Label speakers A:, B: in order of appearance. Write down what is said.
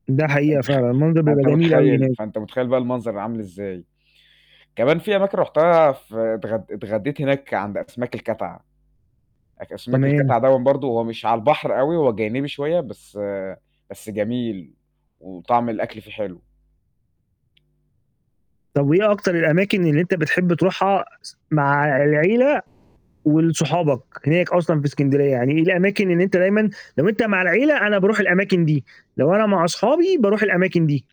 A: ده حقيقة
B: أنت خ
A: فعلًا، المنطر
B: آه،
A: بيبقى
B: أنت
A: جميل أوي
B: مُتخيّل،
A: هناك.
B: فأنت مُتخيّل بقى المنظر عامل إزاي؟ كمان في أماكن رُحتها في اتغ اتغدّيت هناك عند أسماك الكَتَعَة، أك أسماك
A: تمام.
B: الكَتَعَة دوًا برضه هو مش على البحر أوي هو جانبي شوية، بس بس جميل وطعم الأكل فيه حلو.
A: طَب وإيه أكتر الأماكن اللي أنت بتحب تروحها س مع العيلة ولصحابك هناك أصلًا في إسكندرية؟ يعني إيه الأماكن اللي أنت دايمًا لو أنت مع العيلة أنا باروح الأماكن دي، لو أنا مع أصحابي باروح الأماكن دي؟